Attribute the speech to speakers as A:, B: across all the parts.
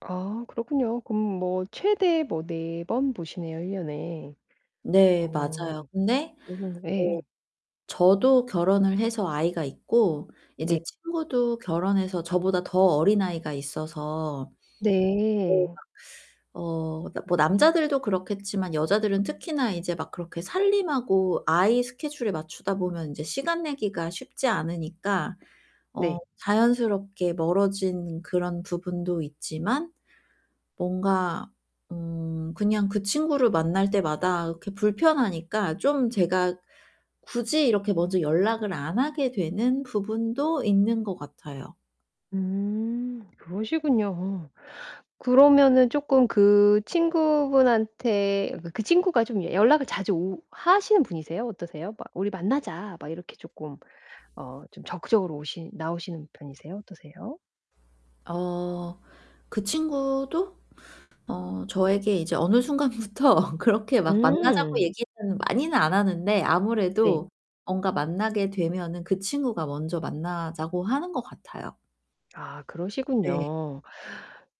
A: 아 그렇군요. 그럼 뭐 최대 뭐 4 번 보시네요 1 년에.
B: 네.
A: 어.
B: 맞아요. 근데 뭐
A: 요 정 네.
B: 저도 결혼을 해서 아이가 있고
A: 네.
B: 이제 친구도 결혼해서 저보다 더 어린 아이가 있어서. 네
A: 네.
B: 막 어 뭐 남자들도 그렇겠지만 여자들은 특히나 이제 막 그렇게 살림하고 아이 스케줄에 맞추다 보면 인제 시간 내기가 쉽지 않으니까 어
A: 네.
B: 자연스럽게 멀어진 그런 부분도 있지만 뭔가 음 그냥 그 친구를 만날 때마다 그렇게 불편하니까 좀 제가 굳이 이렇게 먼저 연락을 안 하게 되는 부분도 있는 것 같아요.
A: 음. 그러시군요. 그러면은 쪼끔 그 친구분한테 그 그 친구가 좀 연락을 자주 오 하시는 분이세요, 어떠세요? 막 "우리 만나자." 막 이렇게 쪼끔 어 좀 적극적으로 오시 나오시는 편이세요, 어떠세요?
B: 어 그 친구도 어 저에게 이제 어느 순간부터 그렇게 막 만나자고
A: 음.
B: 얘기는 많이는 안 하는데
A: 네.
B: 아무래도 뭔가 만나게 되면은 그 친구가 먼저 만나자고 하는 것 같아요.
A: 아
B: 네.
A: 그러시군요.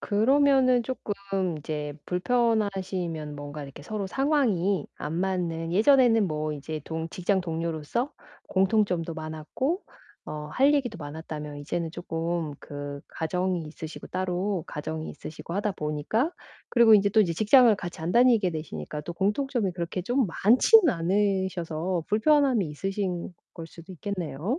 A: 그러면은 쪼끔 이제 불편하시면 뭔가 이렇게 서로 상황이 안 맞는 예전에는 뭐 인제 동 직장 동료로서 공통점도 많았고 어 할 얘기도 많았다면 이제는 쪼끔 그 가정이 있으시고 따로, 가정이 있으시고 하다 보니까 그리고 인제 또 이제 직장을 같이 안 다니게 되시니까 또 공통점이 그렇게 좀 많지는 않으셔서 불편함이 있으신 걸 수도 있겠네요.